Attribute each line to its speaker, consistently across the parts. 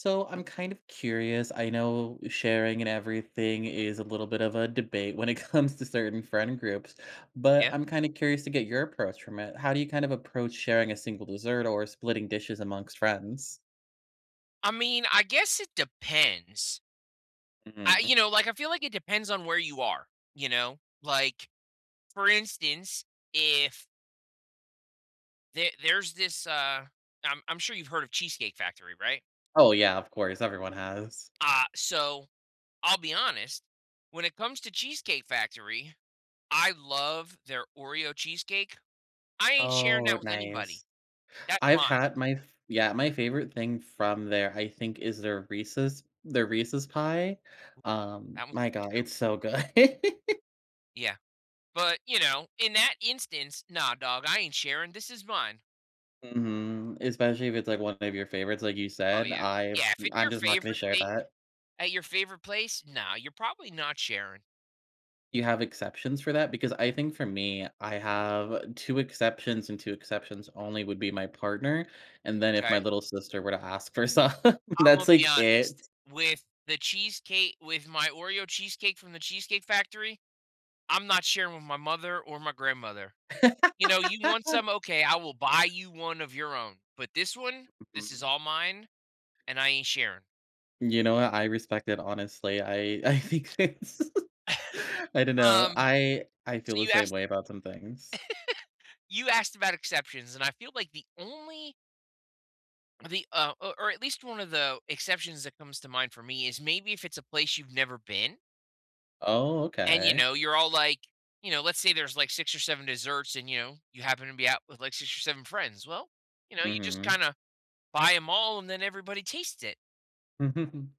Speaker 1: So I'm kind of curious. I know sharing and everything is a little bit of a debate when it comes to certain friend groups, but
Speaker 2: Yeah.
Speaker 1: I'm kinda curious to get your approach from it. How do you kind of approach sharing a single dessert or splitting dishes amongst friends?
Speaker 2: I mean, I guess it depends. I
Speaker 1: Mhm.
Speaker 2: You know, like, I feel like it depends on where you are, you know? Like, for instance, if the there's this, uh, I'm I'm sure you've heard of Cheesecake Factory, right?
Speaker 1: Oh, yeah, of course. Everyone has.
Speaker 2: Ah, so, I'll be honest, when it comes to Cheesecake Factory, I love their Oreo cheesecake. I ain't sharing
Speaker 1: Oh,
Speaker 2: that with anybody.
Speaker 1: nice.
Speaker 2: That's
Speaker 1: I've
Speaker 2: mine.
Speaker 1: had my f yeah, my favorite thing from there, I think, is their Reese's their Reese's Pie. Um.
Speaker 2: That one's
Speaker 1: My god.
Speaker 2: good too.
Speaker 1: It's so good.
Speaker 2: Yeah. But, you know, in that instance, "Nah, dawg. I ain't sharing. This is mine."
Speaker 1: Mhm. Especially if it's, like, one of your favorites, like you
Speaker 2: Oh,
Speaker 1: said.
Speaker 2: yeah.
Speaker 1: I
Speaker 2: Yeah. If
Speaker 1: w
Speaker 2: it's
Speaker 1: I'm
Speaker 2: your
Speaker 1: just not gonna
Speaker 2: favorite
Speaker 1: share
Speaker 2: thing
Speaker 1: that.
Speaker 2: at your favorite place nah. You're probably not sharing.
Speaker 1: You have exceptions for that? Because I think for me, I have 2 exceptions, and 2 exceptions only would be my partner, and then if
Speaker 2: 'Kay.
Speaker 1: my little sister were to ask for some,
Speaker 2: Imma
Speaker 1: that's,
Speaker 2: be
Speaker 1: like,
Speaker 2: honest,
Speaker 1: it.
Speaker 2: with the cheesecake with my Oreo cheesecake from The Cheesecake Factory, I'm not sharing with my mother or my grandmother. You know, "You want some? Okay, I will buy you one of your own, but this one, this is
Speaker 1: Mhm.
Speaker 2: all mine, and I ain't sharing."
Speaker 1: You know what? I respect it, honestly. I I think it's I dunno.
Speaker 2: Um,
Speaker 1: I I
Speaker 2: so
Speaker 1: feel the
Speaker 2: you
Speaker 1: same
Speaker 2: asked
Speaker 1: way about some things.
Speaker 2: You asked about exceptions, and I feel like the only the uh, o or at least one of the exceptions that comes to mind for me is maybe if it's a place you've never been
Speaker 1: Oh,
Speaker 2: and, you
Speaker 1: okay.
Speaker 2: know, you're all, like you know, let's say there's, like, 6 or 7 desserts and, you know, you happen to be out with, like, 6 or 7 friends. Well, you know, you just
Speaker 1: Mhm.
Speaker 2: kinda buy 'em all and then everybody taste it.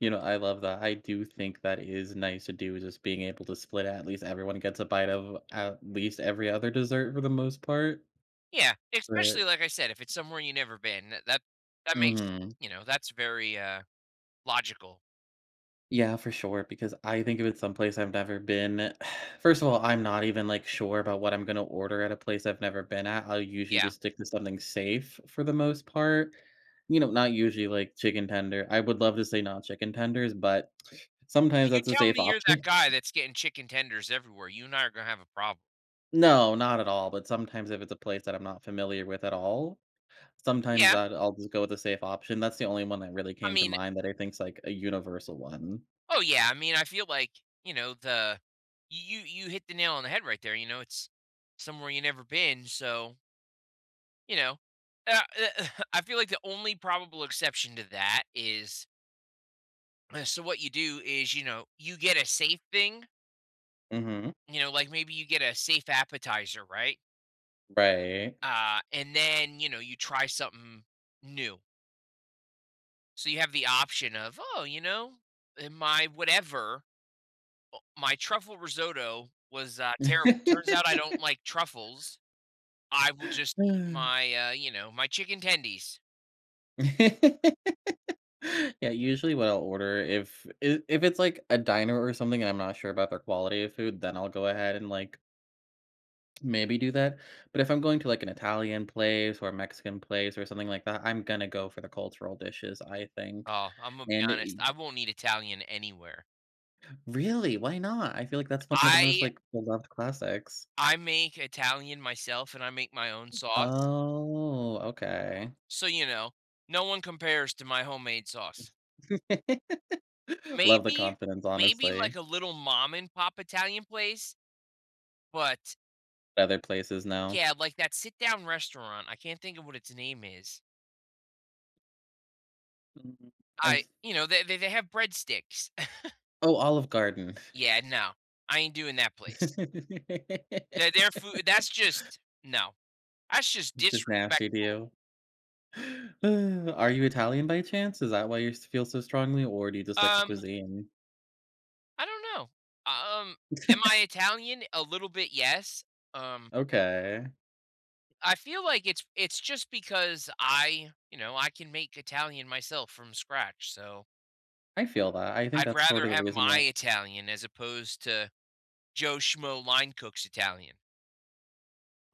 Speaker 1: You know, I love that, I do think that is nice to do, just being able to split at least everyone gets a bite of at least every other dessert for the most part.
Speaker 2: Yeah, especially,
Speaker 1: But
Speaker 2: like I said, if it's somewhere you never been, tha that that makes
Speaker 1: Mhm.
Speaker 2: you know, that's very, uh, logical.
Speaker 1: Yeah, for sure, because I think if it's someplace I've never been first of all, I'm not even, like, sure about what I'm gonna order at a place I've never been at. I'll usually
Speaker 2: Yeah.
Speaker 1: just stick to something safe for the most part. You know, not usually, like, chicken tender I would love to say not chicken tenders, but sometimes
Speaker 2: If you
Speaker 1: that's a
Speaker 2: tell
Speaker 1: safe
Speaker 2: me you're that
Speaker 1: option.
Speaker 2: guy that's getting chicken tenders everywhere, you and I are gonna have a problem.
Speaker 1: No, not at all, but sometimes if it's a place that I'm not familiar with at all. Sometimes
Speaker 2: Yeah.
Speaker 1: I'd I'll just go with the safe option, that's the only one that really
Speaker 2: I
Speaker 1: came to
Speaker 2: mean
Speaker 1: mind that I think is like a universal one.
Speaker 2: Oh, yeah, I mean, I feel like, you know, the you you you hit the nail on the head right there, you know, it's somewhere you never been, so You know? Ah uh I feel like the only probable exception to that is So, what you do is, you know, you get a safe thing
Speaker 1: Mhm.
Speaker 2: you know, like, maybe you get a safe appetizer, right?
Speaker 1: Right.
Speaker 2: Ah, and then, you know, you try something new. So, you have the option of, "Oh, you know, uh, my" whatever. Oh, my truffle risotto was, uh, terrible, turns out I don't like truffles. I will just eat my, uh you know, my chicken tendies.
Speaker 1: Yeah, usually, what I'll order if it if it's, like, a diner or something, and I'm not sure about their quality of food, then I'll go ahead and, like maybe do that. But if I'm going to, like, an Italian place, or a Mexican place, or something like that, I'm gonna go for the cultural dishes, I think,
Speaker 2: Oh, Imma be
Speaker 1: and i
Speaker 2: honest. I
Speaker 1: y
Speaker 2: won't eat Italian anywhere.
Speaker 1: Really? Why not? I feel like that's one of the most,
Speaker 2: I
Speaker 1: like, beloved classics.
Speaker 2: I make Italian myself, and I make my own sauce.
Speaker 1: Oh, okay.
Speaker 2: So, you know, no one compares to my homemade sauce.
Speaker 1: Love the
Speaker 2: Maybe
Speaker 1: confidence,
Speaker 2: maybe, like,
Speaker 1: honestly.
Speaker 2: a little mom and pop Italian place but
Speaker 1: Other places now.
Speaker 2: Yeah, like, that sit down restaurant. I can't think of what its name is.
Speaker 1: Mm,
Speaker 2: I
Speaker 1: I've
Speaker 2: you know, they they they have breadsticks.
Speaker 1: Oh, Olive Garden.
Speaker 2: Yeah, no. I ain't doing that place. Their their food that's just No. That's just
Speaker 1: Just nasty
Speaker 2: disrespectful.
Speaker 1: to you. Are you Italian by chance? Is that why you s feel so strongly, or do you just like the
Speaker 2: Um
Speaker 1: cuisine?
Speaker 2: I don't know, um, am I Italian? A little bit, yes, um
Speaker 1: Okay.
Speaker 2: I feel like it's it's just because I, you know, I can make Italian myself from scratch. So
Speaker 1: I feel that. I think
Speaker 2: I'd
Speaker 1: that's
Speaker 2: rather
Speaker 1: sorta the
Speaker 2: have
Speaker 1: reason
Speaker 2: my
Speaker 1: why
Speaker 2: Italian as opposed to Joe Schmo line cook's Italian.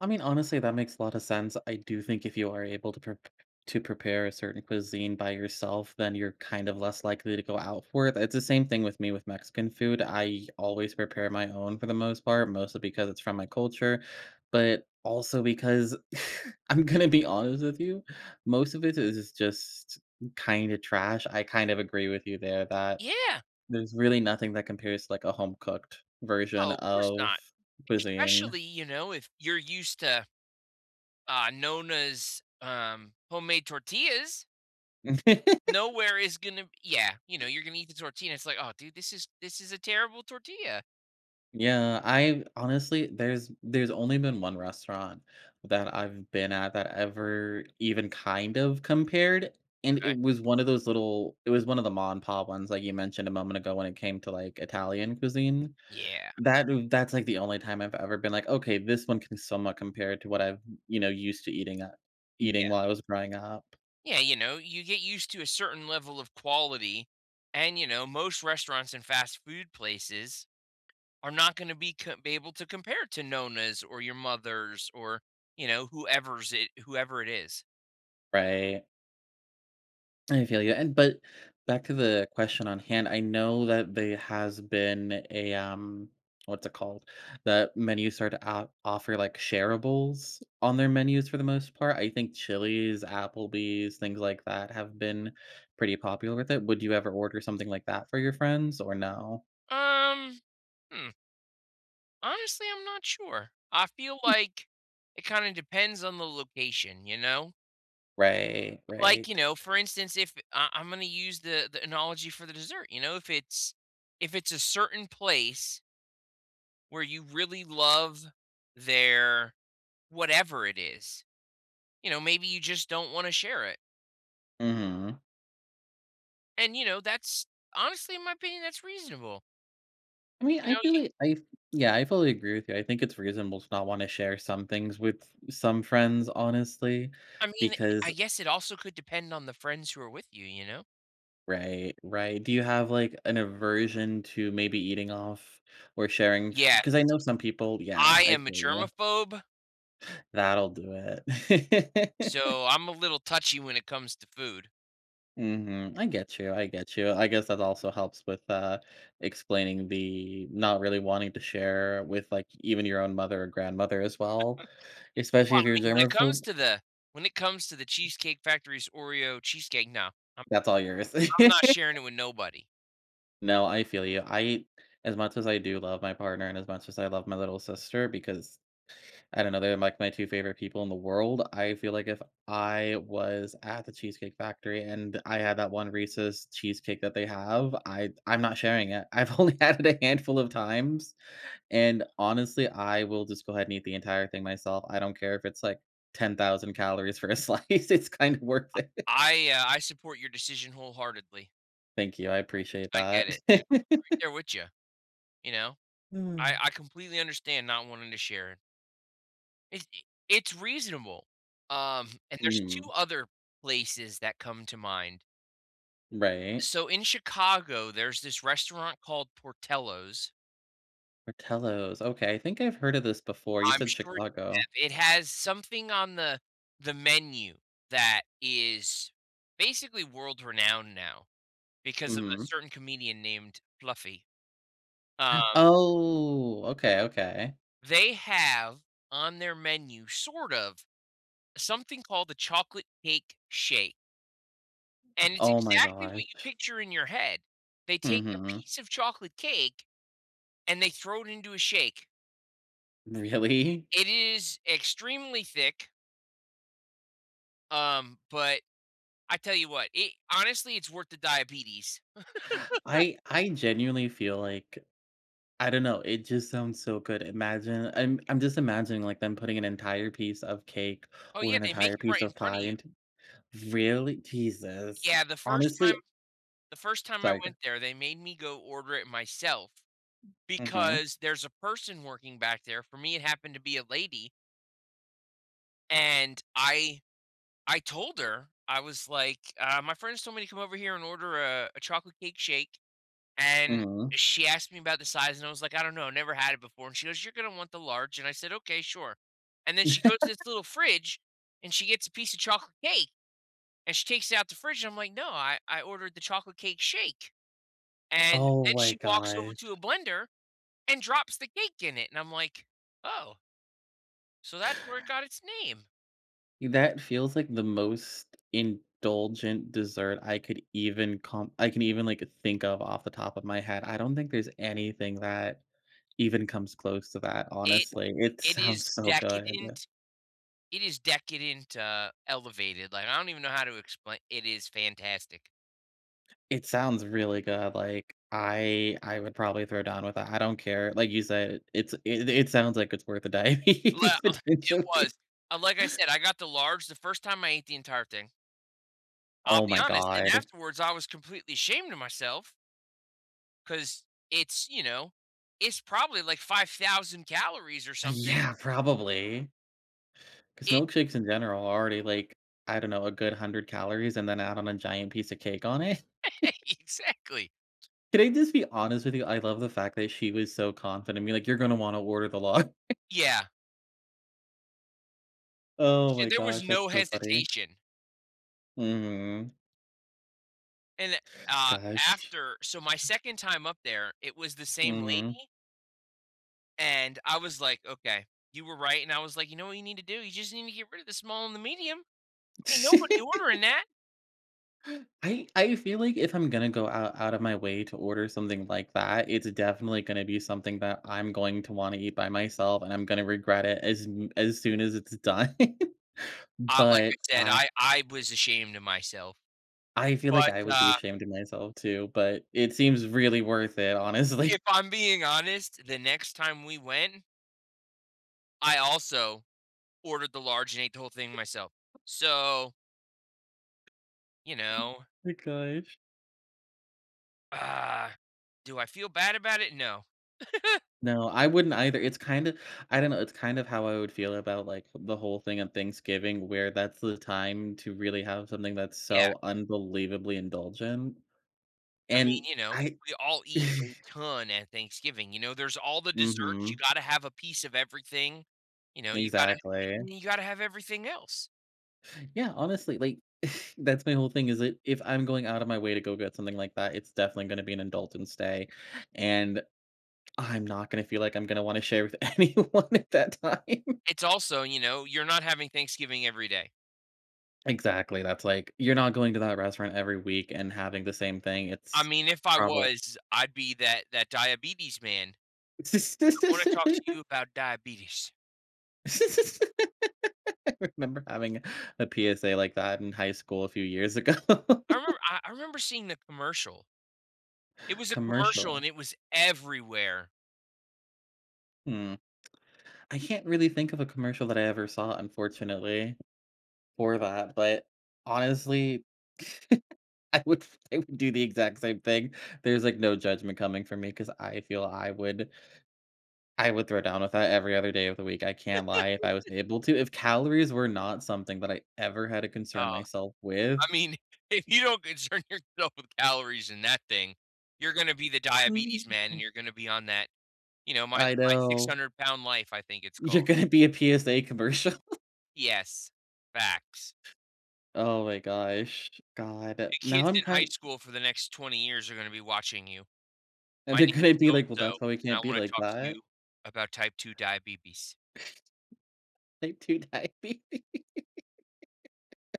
Speaker 1: I mean, honestly, that makes a lotta sense. I do think if you are able to prep p p to prepare a certain cuisine by yourself, then you're kind of less likely to go out for it. That's the same thing with me with Mexican food. I always prepare my own for the most part, mostly because it's from my culture, but also because I'm gonna be honest with you. Most of it is just kinda trash. I kind of agree with you there that
Speaker 2: Yeah.
Speaker 1: there's really nothing that compares to, like, a home cooked version
Speaker 2: Oh, course
Speaker 1: of
Speaker 2: not.
Speaker 1: cuisine.
Speaker 2: Especially, you know, if you're used to, uh, Nona's, um, homemade tortillas. Nowhere is gonna yeah. You know, you're gonna eat the tortilla, it's like, "Oh, dude, this is this is a terrible tortilla."
Speaker 1: Yeah, I've honestly there's there's only been 1 restaurant that I've been at that ever even kind of compared, and it
Speaker 2: 'Kay.
Speaker 1: was one of those little it was one of the mom n' pop ones, like, you mentioned a moment ago, when it came to, like, Italian cuisine.
Speaker 2: Yeah.
Speaker 1: That, uh, that's, like, the only time I've ever been like, "Okay. This one can somewhat compare to what I've, you know, used to eating at eating
Speaker 2: Yeah.
Speaker 1: while I was growing up."
Speaker 2: Yeah, you know, you get used to a certain level of quality, and, you know, most restaurants and fast food places are not gonna be co be able to compare to Nona's or your mother's or, you know, whoever's it whoever it is.
Speaker 1: Right. I feel you, and but, back to the question on hand, I know that they has been a, um, what's it called, that menu started, uh, offer, like, shareables on their menus for the most part. I think Chili's, Applebee's, things like that have been pretty popular with it. Would you ever order something like that for your friends or no?
Speaker 2: Um, Hm. Honestly, I'm not sure. I feel like it kinda depends on the location, you know?
Speaker 1: Right,
Speaker 2: Like,
Speaker 1: right.
Speaker 2: you know, for instance, if I Imma use the the analogy for the dessert, you know? If it's if it's a certain place where you really love their whatever it is. You know, maybe you just don't wanna share it.
Speaker 1: Mhm.
Speaker 2: And, you know, that's honestly, in my opinion, that's reasonable.
Speaker 1: I mean,
Speaker 2: You know,
Speaker 1: I feel
Speaker 2: ye
Speaker 1: li I Yeah, I fully agree with you, I think it's reasonable to not wanna share some things with some friends, honestly,
Speaker 2: I mean, i I
Speaker 1: because
Speaker 2: guess it also could depend on the friends who are with you, you know?
Speaker 1: Right, right. Do you have, like, an aversion to maybe eating off or sharing f
Speaker 2: Yes.
Speaker 1: 'cause I know some people Yeah,
Speaker 2: I
Speaker 1: I
Speaker 2: am a
Speaker 1: feel ya.
Speaker 2: germaphobe
Speaker 1: That'll do it.
Speaker 2: so I'm a little touchy when it comes to food.
Speaker 1: Mhm, I get you; I get you. I guess that also helps with, uh, explaining the not really wanting to share with, like, even your own mother or grandmother as well.
Speaker 2: Well,
Speaker 1: Especially
Speaker 2: I
Speaker 1: if you're a
Speaker 2: mean, when it comes
Speaker 1: germaphobe.
Speaker 2: to the when it comes to The Cheesecake Factory's Oreo cheesecake, no, I'm
Speaker 1: That's all yours.
Speaker 2: I'm not sharing it with nobody.
Speaker 1: No, I feel you. I as much as I do love my partner, and as much as I love my little sister, because, I don't know, they're, like, my 2 favorite people in the world, I feel like if I was at The Cheesecake Factory and I had that one Reese's cheesecake that they have, I I'm not sharing it. I've only had it a handful of times, and, honestly, I will just go ahead and eat the entire thing myself. I don't care if it's, like, 10,000 calories for a slice. It's kinda worth it.
Speaker 2: I I, uh I support your decision wholeheartedly.
Speaker 1: Thank you, I appreciate
Speaker 2: I get
Speaker 1: that.
Speaker 2: it, you know? I'm right there with ya, you know? I I completely understand not wanting to share. It's i it's reasonable, um, and there's 2
Speaker 1: Mhm.
Speaker 2: other places that come to mind.
Speaker 1: Right.
Speaker 2: So, in Chicago, there's this restaurant called Portillo's.
Speaker 1: Portillo's. Okay, I think I've heard of this before. You
Speaker 2: I'm
Speaker 1: said
Speaker 2: sure
Speaker 1: Chicago.
Speaker 2: you have. It has something on the the menu that is basically world-renowned now because of a
Speaker 1: Mhm.
Speaker 2: certain comedian named Fluffy. Um
Speaker 1: Oh, okay, okay.
Speaker 2: They have, on their menu, sort of, something called the Chocolate Cake Shake and it's
Speaker 1: Oh my
Speaker 2: exactly what you
Speaker 1: gosh.
Speaker 2: picture in your head. They take a
Speaker 1: Mhm.
Speaker 2: piece of chocolate cake, and they throw it into a shake.
Speaker 1: Really?
Speaker 2: It is extremely thick um, but, I tell you what, it honestly, it's worth the diabetes.
Speaker 1: I I genuinely feel like I don't know, it just sounds so good, imagine I'm I'm just imagining, like, them putting an entire piece of cake
Speaker 2: Oh,
Speaker 1: or
Speaker 2: yeah.
Speaker 1: an
Speaker 2: They make
Speaker 1: entire
Speaker 2: it right
Speaker 1: piece
Speaker 2: in
Speaker 1: of
Speaker 2: front of
Speaker 1: pie
Speaker 2: you.
Speaker 1: into Really? Jesus.
Speaker 2: Yeah. The 1st time
Speaker 1: Honestly
Speaker 2: the 1st time I
Speaker 1: Sorry, go ah
Speaker 2: went there, they made me go order it myself,
Speaker 1: Mhm.
Speaker 2: because there's a person working back there for me, it happened to be a lady. And I I told her. I was, like, "Uh, my friends told me to come over here and order a a chocolate cake shake." And
Speaker 1: Mhm.
Speaker 2: she asked me about the size, and I was, like, "I don't know, I never had it before." And she goes, "You're gonna want the large." And I said, "Okay. Sure." And then she goes to this little fridge, and she gets a piece of chocolate cake. And she takes it out the fridge, and I'm like, "No, I I ordered the chocolate cake shake. And
Speaker 1: Oh
Speaker 2: then
Speaker 1: my
Speaker 2: she walks over
Speaker 1: gosh.
Speaker 2: to a blender and drops the cake in it, and I'm, like, "Oh" so that's where it got its name.
Speaker 1: Y that feels like the most indulgent dessert I could even comp I can even, like, think of, off the top of my head, I don't think there's anything that even comes close to that,
Speaker 2: It
Speaker 1: honestly, it
Speaker 2: it is
Speaker 1: sounds so good.
Speaker 2: decadent It is decadent, t uh, elevated, like, I don't even know how to explain It is fantastic.
Speaker 1: It sounds really good, like, I I would probably throw down with that, I don't care, like you said, it's it it sounds like it's worth a
Speaker 2: Well,
Speaker 1: diabetes,
Speaker 2: it was.
Speaker 1: potentially.
Speaker 2: Like I said, I got the large, the 1st time I ate the entire thing. I'll
Speaker 1: Oh
Speaker 2: be
Speaker 1: my
Speaker 2: honest, and
Speaker 1: god.
Speaker 2: afterwards, I was completely ashamed of myself 'cause it's, you know, it's probably, like, 5,000 calories or something.
Speaker 1: Yeah, probably. 'Cause
Speaker 2: It
Speaker 1: milkshakes in general are already, like, I don't know, a good 100 calories and then add on a giant piece of cake on it.
Speaker 2: Exactly.
Speaker 1: Could I just be honest with you? I love the fact that she was so confident, I mean, like, you're gonna wanna order the lar
Speaker 2: Yeah.
Speaker 1: Oh
Speaker 2: Sh
Speaker 1: my
Speaker 2: there was
Speaker 1: gosh, that's
Speaker 2: no
Speaker 1: so funny.
Speaker 2: hesitation.
Speaker 1: Mhm.
Speaker 2: And, uh,
Speaker 1: Gosh.
Speaker 2: after so, my 2nd time up there, it was the same
Speaker 1: Mhm.
Speaker 2: lady and I was, like, "Okay, you were right." And I was, like, "You know what you need to do? You just need to get rid of the small and the medium. Ain't nobody ordering that."
Speaker 1: I I feel like if I'm gonna go out out of my way to order something like that, it's definitely gonna be something that I'm going to wanna eat by myself, and I'm gonna regret it as m as soon as it's done.
Speaker 2: Ah, like I
Speaker 1: But
Speaker 2: said,
Speaker 1: I
Speaker 2: I I was ashamed of myself.
Speaker 1: I feel like
Speaker 2: But,
Speaker 1: I would be
Speaker 2: uh
Speaker 1: ashamed of myself too, but it seems really worth it, honestly.
Speaker 2: if I'm being honest, the next time we went I also ordered the large and ate the whole thing
Speaker 1: E
Speaker 2: myself. So you know?
Speaker 1: My gosh.
Speaker 2: Ah. Do I feel bad about it? No.
Speaker 1: No. I wouldn't either. It's kinda I don't know, it's kind of how I would feel about, like, the whole thing on Thanksgiving, where that's the time to really have something that's
Speaker 2: Yeah.
Speaker 1: so unbelievably indulgent.
Speaker 2: I mean,
Speaker 1: And
Speaker 2: you know,
Speaker 1: I
Speaker 2: we all eat a ton at Thanksgiving. You know, there's all the desserts. You
Speaker 1: Mhm.
Speaker 2: gotta have a piece of everything. You know, you gotta [unintelligible]
Speaker 1: Exactly.
Speaker 2: you gotta have everything else.
Speaker 1: Yeah, honestly, like, that's my whole thing, is that, if I'm going out of my way to go get something like that, it's definitely gonna be an indulgence day. And I'm not gonna feel like I'm gonna wanna share with anyone at that time.
Speaker 2: It's also you know, you're not having Thanksgiving every day.
Speaker 1: Exactly. That's like, you're not going to that restaurant every week and having the same thing.
Speaker 2: I
Speaker 1: It's
Speaker 2: mean, if I
Speaker 1: proba
Speaker 2: was, I'd be that that diabetes man. "I wanna talk to you about diabetes."
Speaker 1: I remember having a PSA like that in high school a few years ago.
Speaker 2: I remem Ah, I remember seeing the commercial. It was a commercial,
Speaker 1: Commercial.
Speaker 2: and it was everywhere.
Speaker 1: Hmm. I can't really think of a commercial that I ever saw, unfortunately, for that. But, honestly, I would I would do the exact same thing. There's, like, no judgment coming from me 'cause I feel I would I would throw down with that every other day of the week. I can't lie if I was able to. If calories were not something that I ever had to
Speaker 2: Oh,
Speaker 1: concern myself with.
Speaker 2: I mean, if you don't concern yourself with calories in that thing, you're gonna be the diabetes man, and you're gonna be on that, you know, My
Speaker 1: I
Speaker 2: My
Speaker 1: know.
Speaker 2: 600-Lb.Life, I think it's
Speaker 1: You're
Speaker 2: called.
Speaker 1: gonna be a PSA commercial.
Speaker 2: Yes. Facts.
Speaker 1: Oh my gosh. God.
Speaker 2: The
Speaker 1: Now
Speaker 2: kids in
Speaker 1: I'm
Speaker 2: high
Speaker 1: kind
Speaker 2: school for the next 20 years are gonna be watching you. "My
Speaker 1: And
Speaker 2: name
Speaker 1: they're gonna
Speaker 2: is
Speaker 1: be
Speaker 2: so
Speaker 1: like, "Well,
Speaker 2: and so,
Speaker 1: that's why we
Speaker 2: and I
Speaker 1: can't be
Speaker 2: wanna
Speaker 1: like
Speaker 2: talk to
Speaker 1: that."
Speaker 2: you about type 2 diabetes."
Speaker 1: Type 2 diabetes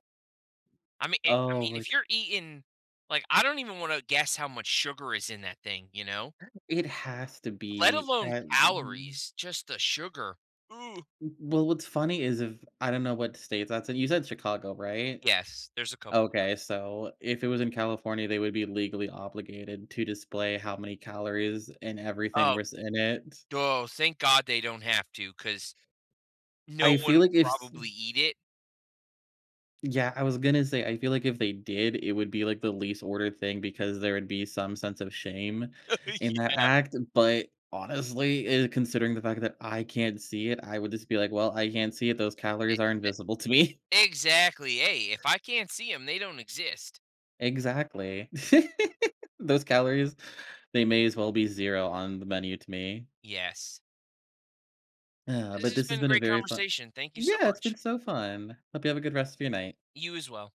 Speaker 2: I mean, eh I
Speaker 1: Oh
Speaker 2: mean,
Speaker 1: we're
Speaker 2: if
Speaker 1: g
Speaker 2: you're eating like, I don't even wanna guess how much sugar is in that thing, you know?
Speaker 1: It has to
Speaker 2: Let
Speaker 1: be.
Speaker 2: alone
Speaker 1: And
Speaker 2: calories, just the sugar. Ooh.
Speaker 1: W well what's funny is if I don't know what state that's in, you said Chicago, right?
Speaker 2: Yes. There's a couple of
Speaker 1: Okay. So if it was in California, they would be legally obligated to display how many calories and everything
Speaker 2: Oh.
Speaker 1: was in it.
Speaker 2: Duh, thank God they don't have to 'cause no
Speaker 1: I
Speaker 2: one
Speaker 1: feel like
Speaker 2: would
Speaker 1: if s
Speaker 2: probably eat it.
Speaker 1: Yeah, I was gonna say, I feel like if they did, it would be, like, the least ordered thing because there would be some sense of shame in that
Speaker 2: Yeah.
Speaker 1: act. But, honestly, eh, considering the fact that I can't see it, I would just be like, "Well, I can't see it. Those calories
Speaker 2: Exact
Speaker 1: are invisible to me."
Speaker 2: exactly! Hey, if I can't see 'em, they don't exist.
Speaker 1: Exactly. Those calories, they may as well be 0 on the menu to me.
Speaker 2: Yes. This
Speaker 1: But
Speaker 2: has
Speaker 1: this
Speaker 2: been
Speaker 1: has
Speaker 2: a
Speaker 1: been a
Speaker 2: great
Speaker 1: very fu
Speaker 2: conversation. Thank you so
Speaker 1: Yeah, it's
Speaker 2: much.
Speaker 1: been so fun. Hope you have a good rest of your night.
Speaker 2: You as well.